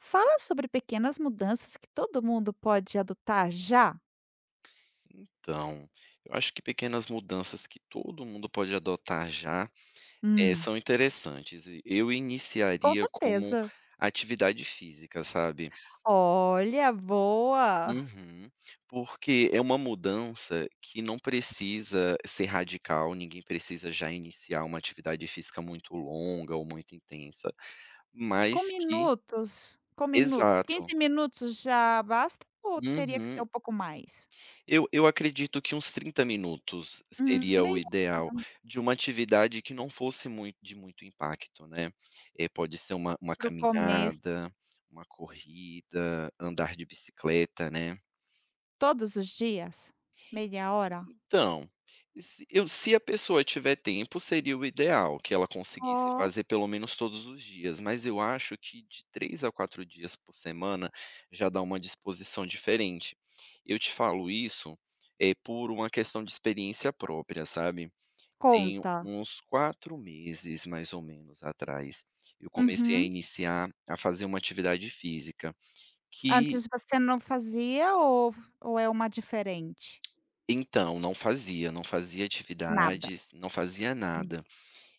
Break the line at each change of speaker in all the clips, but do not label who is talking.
Fala sobre pequenas mudanças que todo mundo pode adotar já.
Então, eu acho que pequenas mudanças que todo mundo pode adotar já, eh,
Hum.
são interessantes e eu
Com
iniciaria como
certeza.
atividade física, sabe?
Olha, boa.
Uhum, porque é uma mudança que não precisa ser radical. Ninguém precisa já iniciar uma atividade física muito longa ou muito intensa,
Com
mas que
minutos, com minutos?
Exato.
15 minutos já basta? Ou teria que ser
Uhum.
um pouco mais?
Eu eu acredito que uns 30 minutos
Hum,
seria o
meia.
ideal
[unintelligible]
de uma atividade que não fosse mui de muito impacto, né, eh, pode ser uma uma
Para o começo.
caminhada, uma corrida, andar de bicicleta, né.
Todos os dias, meia hora?
Então, se eu se a pessoa tiver tempo, seria o ideal que ela conseguisse
Oh.
fazer pelo menos todos os dias. Mas eu acho que de 3 a 4 dias por semana já dá uma disposição diferente. Eu te falo isso, eh, por uma questão de experiência própria, sabe. Tem
Conta.
uns 4 meses mais ou menos atrás, eu comecei a
Uhum.
iniciar a fazer uma atividade física que
Antes você não fazia ou ou é uma diferente?
Então, não fazia, não fazia
Nada.
atividades, não fazia
Hum.
nada,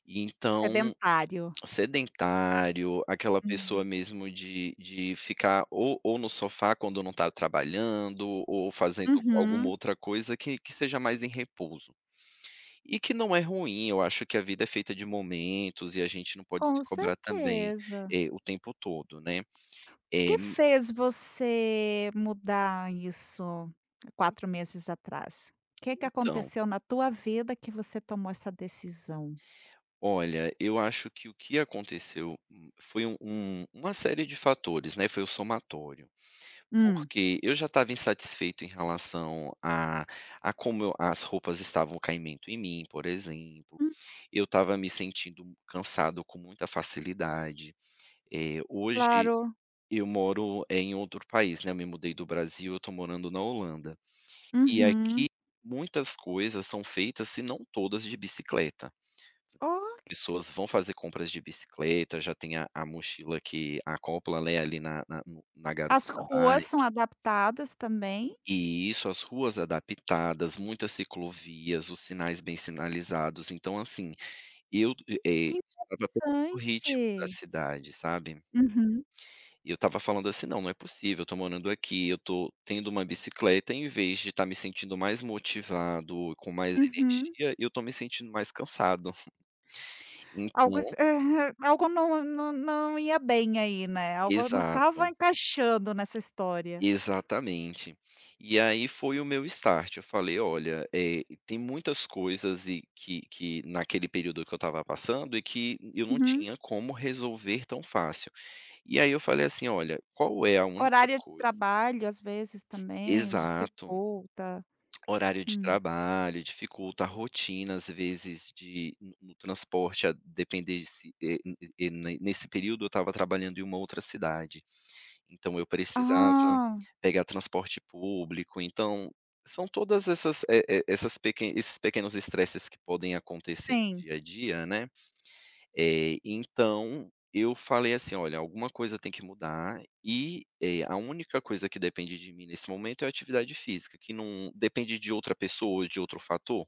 então,
Sedentário.
sedentário, aquela
Hum.
pessoa mesmo de de ficar ou ou no sofá, quando não tá trabalhando ou fazendo alguma
Uhum.
outra coisa que que seja mais em repouso. E que não é ruim, eu acho que a vida é feita de momentos e a gente não pode se
Com
cobrar também,
certeza.
eh, o tempo todo, né, eh,
Que
m
fez você mudar isso
[unintelligible]
4 meses atrás? Que que
Então
aconteceu na tua vida que você tomou essa decisão?
Olha, eu acho que o que aconteceu, hum, foi um um uma série de fatores, né, foi o somatório.
Hum.
Porque eu já estava insatisfeito em relação a a como as roupas estavam caimento em mim, por exemplo,
Hum.
eu estava me sentindo cansado com muita facilidade. Eh, hoje
Claro.
eu moro em outro país, né, eu me mudei do Brasil, eu tô morando na Holanda, e
Uhum.
aqui muitas coisas são feitas, se não todas, de bicicleta.
Oh.
Pessoas vão fazer compras de bicicleta. Já tem a a mochila que acopla, né, ali na na no na garupa
As
da
ruas são
bike.
adaptadas também?
E isso, as ruas adaptadas, muitas ciclovias, os sinais bem sinalizados. Então, assim, eu e, eh,
Que
estava com o ritmo da
interessante.
cidade, sabe?
Uhum.
E eu estava falando, assim: "Não, não é possível. Eu tô morando aqui, eu tô tendo uma bicicleta, em vez de estar me sentindo mais motivado e com mais
Uhum.
energia, eu tô me sentindo mais cansado".
Algo as
Então
aham, algo não não não ia bem aí, né, algo não
Exato.
estava encaixando nessa história.
Exatamente, e aí foi o meu start. Eu falei: "Olha, eh, tem muitas coisas e" que que naquele período que eu estava passando e que eu não
Uhum.
tinha como resolver tão fácil, e aí eu falei assim: "Olha, qual é a única
Horário de
coisa"
trabalho, às vezes também
Exato.
dificulta.
Horário de
Hum.
trabalho dificulta a rotina, às vezes de no no transporte a depender de se eh, hum, e e ne ne nesse período eu estava trabalhando em uma outra cidade, então eu precisava
Ah.
pegar transporte público. Então são todas essas, eh eh, essas peque esses pequenos estresses que podem acontecer no
Sim.
dia a dia, né. Eh, então eu falei assim: "Olha, alguma coisa tem que mudar e é a única coisa que depende de mim nesse momento é a atividade física, que não depende de outra pessoa ou de outro fator".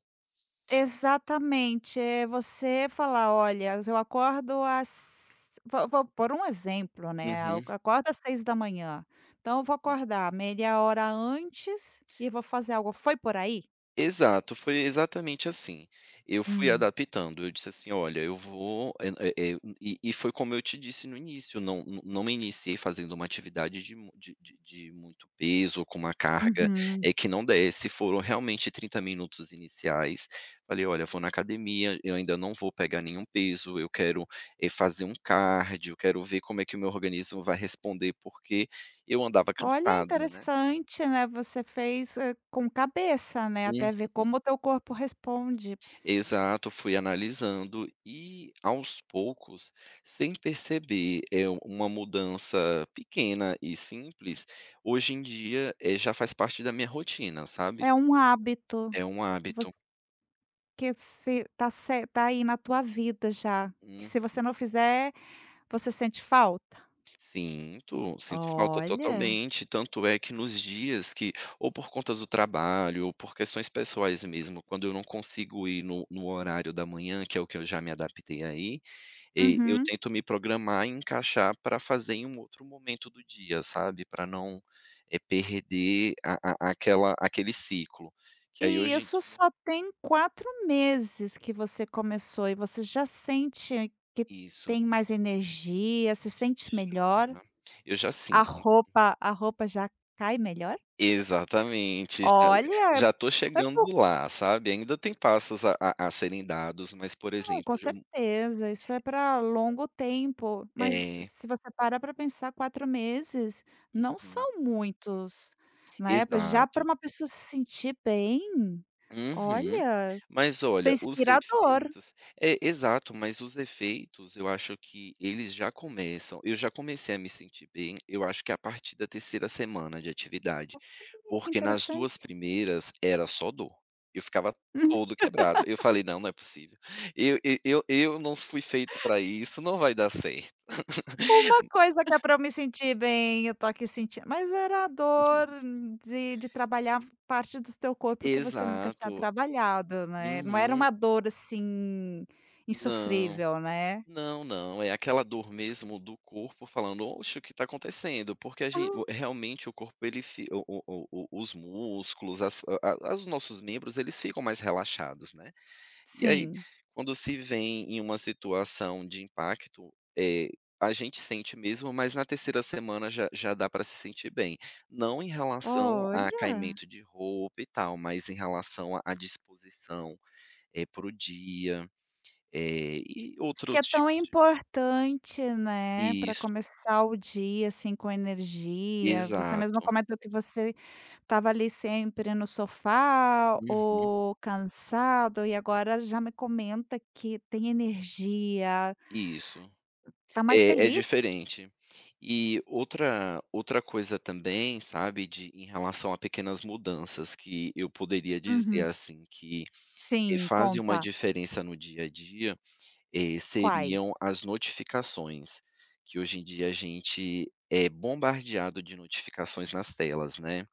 Exatamente. É você falar: "Olha, eu acordo às vou vou por um exemplo, né, eu
Uhum.
acordo às 6h da manhã, então eu vou
Hum.
acordar meia hora antes e vou fazer algo. Foi por aí?
Exato, foi exatamente assim. Eu fui
Hum.
adaptando, eu disse assim olha, eu vou é é é e e foi como eu te disse no início não não não me iniciei fazendo uma atividade de mu de de de muito peso com uma carga
Uhum.
é que não desse foram realmente 30 minutos iniciais, falei: "Olha, eu vou na academia, eu ainda não vou pegar nenhum peso. Eu quero é fazer um cardio. Eu quero ver como é que o meu organismo vai responder. Porque eu andava
Olha,
cansado, né?
interessante, né? Você fez, eh, com cabeça, né,
Uhum.
até ver como o teu corpo responde.
Exato, fui analisando e aos poucos, sem perceber, eh, uma mudança pequena e simples hoje em dia, eh, já faz parte da minha rotina, sabe?
É um hábito
É um
que voc
hábito.
que se está ce está aí na tua vida já. Que
Uhum.
se você não fizer, você sente falta?
Sinto sinto falta
Olha.
totalmente. Tanto é que nos dias que ou por conta do trabalho ou por questões pessoais mesmo, quando eu não consigo ir no no horário da manhã, que é o que eu já me adaptei a ir, eh, eu
Uhum.
tento me programar e encaixar para fazer em um outro momento do dia, sabe, pra não, eh, perder a a aquela aquele ciclo. Que aí
E
hoje em
isso
dia
só tem 4 meses que você começou e você já sente que
Isso.
tem mais energia, se sente
[unintelligible]
melhor.
Já. Eu já
A
sim.
roupa a roupa já cai melhor?
Exatamente, já
Olha!
já estou
É po
chegando lá, sabe. Ainda tem passos a a a serem dados, mas, por
Não,
exemplo
com
ja m
certeza isso é pra longo tempo. Mas
É.
se você para pra pensar 4 meses não
Uhum.
são muitos, né. Já pra
Exato.
uma pessoa se sentir bem,
Uhum,
olha,
mas
isso é
olha, os
inspirador.
efeitos, é, exato, mas os efeitos eu acho que eles já começam. Eu já comecei a me sentir bem. Eu acho que a partir da 3ª semana de atividade,
Olha que
porque nas 2
interessante.
primeiras era só dor. Eu ficava
Uhum.
todo quebrado. Eu falei não, não é possível eu eu eu eu não fui feito para isso, não vai dar certo.
Uma coisa que é para eu me sentir bem, eu estou aqui sentindo, mas era a dor de de trabalhar parte do teu corpo que você nunca tinha
Exato.
trabalhado, né. Não era
Uhum.
uma dor, assim,
Não
insofrível, né?
não não é aquela dor mesmo do corpo falando: "Oxe, o que está acontecendo?" Porque a gen o
Oh.
realmente o corpo, ele fi o o o o os músculos, as a a os nossos membros, eles ficam mais relaxados, né. E aí,
Sim.
quando se veem em uma situação de impacto, eh, a gente sente mesmo. Mas na 3ª semana já já dá para se sentir bem, não em relação a
Olha.
caimento de roupa e tal, mas em relação à à disposição é, para o dia, eh, e
Que
outros
é tão
tipos de
importante, né. Para
Isso.
começar o dia assim, com energia, você mesmo
Exato.
comentou que você estava ali sempre no sofá
Uhum.
ou cansado e agora já me comenta que tem energia.
Isso.
Tá mais
É é
feliz?
diferente. E outra outra coisa também, sabe, de em relação a pequenas mudanças que eu poderia dizer
Uhum.
assim que, eh,
Sim,
fazem uma
conta.
diferença no dia a dia, eh,
Quais?
seriam as notificações, que hoje em dia a gente é bombardeado de notificações nas telas, né.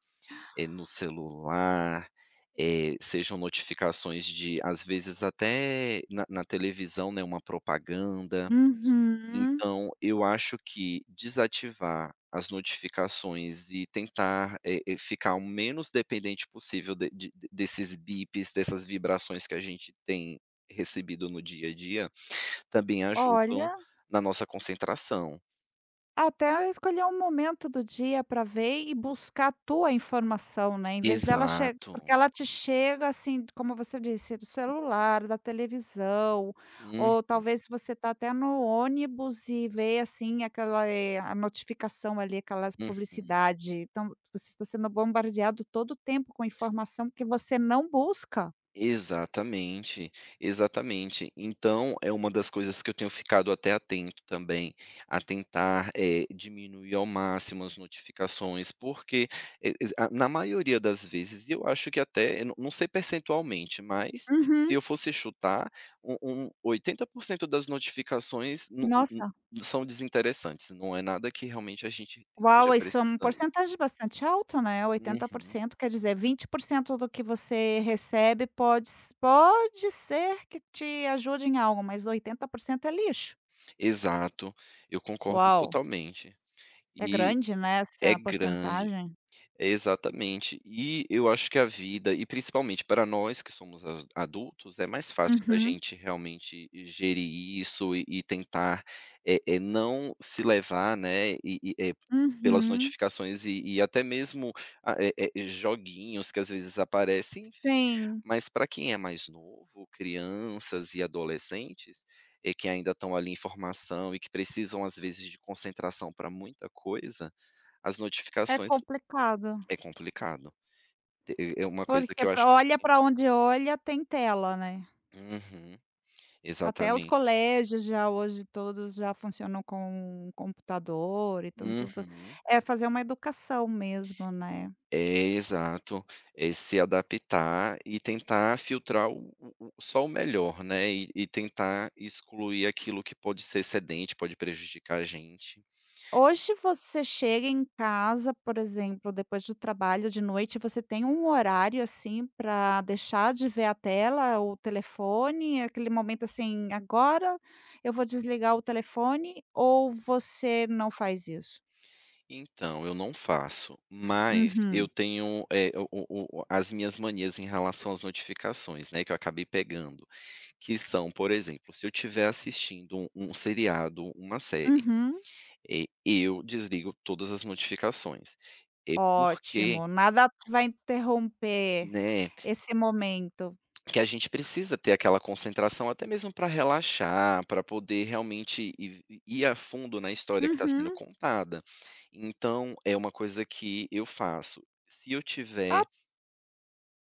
Eh, no
Ah.
celular, eh, sejam notificações de às vezes até na na televisão, né, uma propaganda.
Uhum.
Então eu acho que desativar as notificações e tentar, eh eh, ficar o menos dependente possível de de desses bips dessas vibrações que a gente tem recebido no dia a dia também ajudam
Olha.
na nossa concentração.
Até a escolher um momento do dia para ver e buscar a tua informação, né, em vez dela che porque
Exato.
ela te chega assim, t como você disse, do
[unintelligible]
celular, da televisão,
Uhum.
ou talvez se você está até no ônibus, e ver, assim, aquela, eh, a notificação ali, aquelas
Uhum.
publicidade. Então, você está sendo bombardeado todo o tempo com informação, que você não busca.
Exatamente, exatamente. Então é uma das coisas que eu tenho ficado até atento também a tentar, eh, diminuir ao máximo as notificações, porque e e a na maioria das vezes, eu acho que até eu não não sei percentualmente, mas se
Uhum.
eu fosse chutar, um um 80% das notificações no u
Nossa.
u são desinteressantes, não é nada que realmente a gente esteja
Uau, isso é um
precisando.
porcentagem bastante alta, né. oitenta por
Uhum.
cento, quer dizer 20% do que você recebe, pode se pode ser que te ajude em algo, mas 80% é lixo.
Exato, eu concordo
Uau!
totalmente.
É
E
grande, né?
é
Essa
grande.
porcentagem.
Exatamente. E, eu acho que a vida, e principalmente para nós que somos as adultos, é mais fácil da
Uhum.
gente realmente gerir isso e e tentar, eh eh, não se levar, né, e e, eh, pelas
Uhum.
notificações e e até mesmo ah, eh eh, joguinhos que às vezes aparecem, enfim.
Sim.
Mas para quem é mais novo, crianças e adolescentes, eh, que ainda estão ali em formação, e que precisam às vezes de concentração para muita coisa, as
É
notificações
complicado.
é complicado. Eh eh, é uma coisa
Porque
que eu acho
para
que
olha para onde olha, tem tela, né.
Uhum.
Até os
Exatamente.
colégios, já hoje todos já funcionam com o computador. Então tudo
Uhum.
é fazer uma educação mesmo, né.
É, exato. É se adaptar e tentar filtrar o o o só o melhor, né. E e tentar excluir aquilo que pode ser excedente, pode prejudicar a gente.
Hoje você chega em casa, por exemplo, depois de o trabalho de noite, você tem um horário, assim, para deixar de ver a tela, o telefone, aquele momento assim: "Agora eu vou desligar o telefone", ou você não faz isso?
Então, eu não faço. Mas, eu
Uhum.
tenho, eh, o o o as minhas manias em relação às notificações, né, que eu acabei pegando. Que são, por exemplo, se eu tiver assistindo um um seriado, uma série,
Uhum.
eh, eu desligo todas as notificações. Eh, porque
Ótimo, nada p vai interromper
Né.
esse momento.
Que a gente precisa ter aquela concentração, até mesmo para relaxar, pra poder realmente ir v i ir a fundo na história que está sendo
Uhum.
contada. Então, é uma coisa que eu faço. Se eu tiver
Ah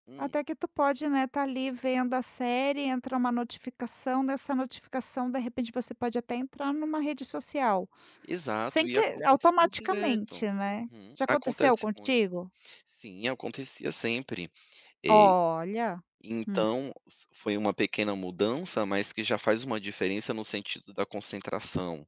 Hum.
Até que tu pode, né, tá ali, vendo a série, entra uma notificação, nessa notificação de repente, você pode até entrar numa rede social,
Exato.
sem
E
que
acontecia direto.
automaticamente, né.
Uhum.
Já aconteceu
Acontece muito.
contigo?
Sim, acontecia sempre. Eh,
Olha, hum.
então s foi uma pequena mudança, mas que já faz uma diferença no sentido da concentração,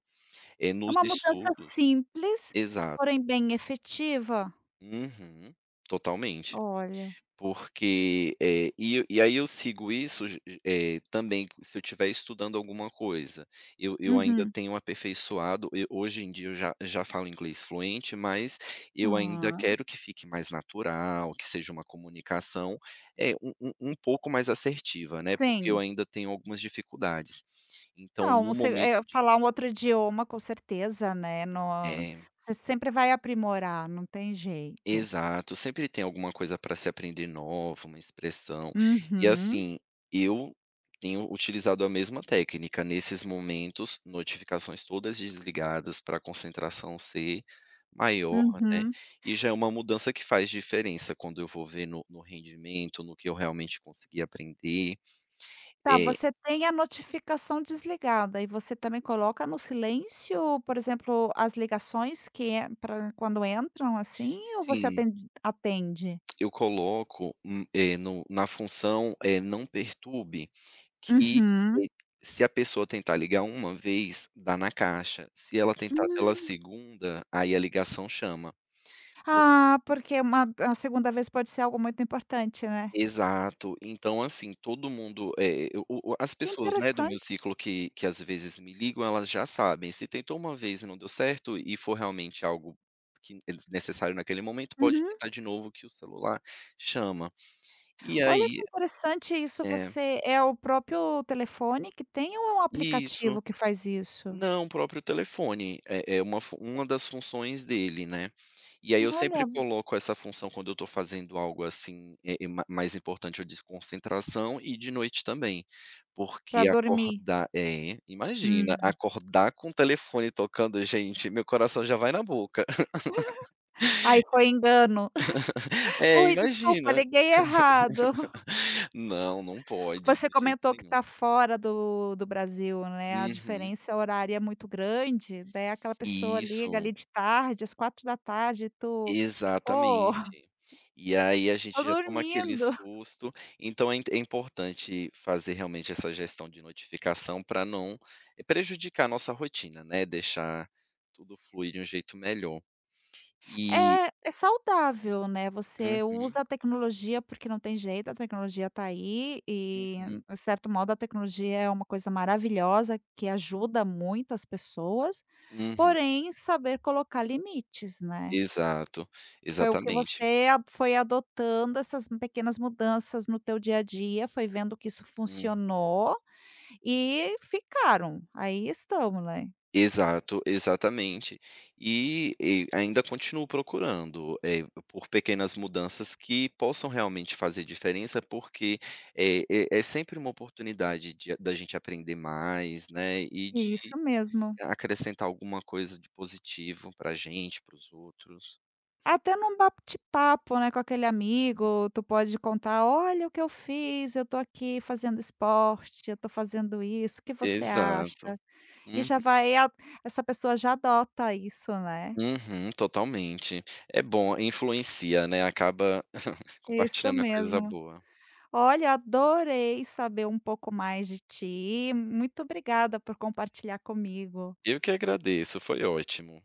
eh,
É
nos
uma mudança
estudos.
simples,
Exato.
porém bem efetiva.
Uhum. Totalmente.
Olha.
Porque, eh, e e aí eu sigo isso, ge ge eh, também se eu tiver estudando alguma coisa. Eu eu ainda
Uhum.
tenho aperfeiçoado e hoje em dia eu já já falo inglês fluente, mas eu ainda
Ah.
quero que fique mais natural, que seja uma comunicação é um um um pouco mais assertiva, né. Porque eu
Sim.
ainda tenho algumas dificuldades. Então,
Não,
no
você, eh,
momento de
falar um
o
outro idioma, com certeza, né. No
É.
você
Não
sempre vai aprimorar, não tem jeito.
Exato, sempre tem alguma coisa pra se aprender nova, uma expressão. E
Uhum.
assim, eu tenho utilizado a mesma técnica nesses momentos, notificações todas desligadas pra concentração ser maior, né.
Uhum.
E já é uma mudança que faz diferença quando eu vou ver no no rendimento, no que eu realmente consegui aprender.
Tá,
Eh.
você tem a notificação desligada e você também coloca no silêncio? Por exemplo, as ligações que ent pra quando entram assim? Ou você
Sim.
atende atende?
Eu coloco, hum, eh, no na função, eh, não perturbe. Que
Uhum.
se a pessoa tentar ligar 1 vez, dá na caixa, se ela tentar pela
Hum!
segunda, aí a ligação chama, po
Ah, porque uma da segunda vez pode ser algo muito importante, né?
Exato. Então, assim todo mundo, eh, o o o as
Que
pessoas, né. Do meu
interessante.
ciclo que que, às vezes, me ligam, elas já sabem se tentou 1 vez e não deu certo e for realmente algo que é desnecessário naquele momento, pode
Uhum.
tentar de novo que o celular chama. E
Olha, que
aí,
interessante isso!
eh
Você é o próprio telefone que tem? Ou é um
Isso!
aplicativo que faz isso?
Não, o próprio telefone. É é uma fu uma das funções dele, né. E aí, eu sempre
Olha.
coloco essa função quando eu tô fazendo algo assim, eh, eh, ma mais importante a desconcentração e de noite também,
Pra
porque
dormir?
acordar É. Imagina,
Hum.
acordar com o telefone tocando, gente, meu coração já vai na boca
Ai, foi engano.
É.
"Ui! Desculpa,
Imagina!
liguei errado".
Não, não pode.
Você
De jeito
comentou que
nenhum.
tá fora do do Brasil, né? A
Uhum.
diferença horária é muito grande, daí aquela pessoa liga
Isso.
ali, de tarde, às 16h e tu "Pô.
Exatamente. E aí, a
Tô
gente já toma aquele
dormindo".
susto. Então é inte é importante fazer realmente essa gestão de notificação pra não prejudicar a nossa rotina, né. Deixar tudo fluir de um jeito melhor. E
É, é saudável, né. Você
Uhum.
usa a tecnologia porque não tem jeito, a tecnologia tá aí e
Uhum.
em certo modo, a tecnologia é uma coisa maravilhosa que ajuda muitas pessoas,
Uhum.
porém, saber colocar limites, né?
Exato.
Foi o que
Exatamente.
você a foi adotando essas pequenas mudanças no teu dia a dia, foi vendo que isso
Hum.
funcionou e ficaram. Aí estão, né?
Exato. Exatamente. E e ainda continuo procurando, eh, por por pequenas mudanças que possam realmente fazer diferença, porque é é é sempre uma oportunidade de a da gente aprender mais, né. E
Isso
de
mesmo.
acrescentar alguma coisa de positivo para a gente, para os outros.
Até no bate-papo, né, com aquele
Hum. É.
amigo, tu pode contar: "Olha o que eu fiz, eu tô aqui fazendo esporte. Eu tô fazendo isso, o que você acha?".
Exato.
E
Uhum.
já vai ia Essa pessoa já adota isso, né?
Uhum. Totalmente. É bom. Influencia, né. Acaba
Isso
compartilhando a coisa
mesmo.
boa.
Olha, adorei saber um pouco mais de ti. Muito obrigada por compartilhar comigo.
Eu que agradeço, foi ótimo.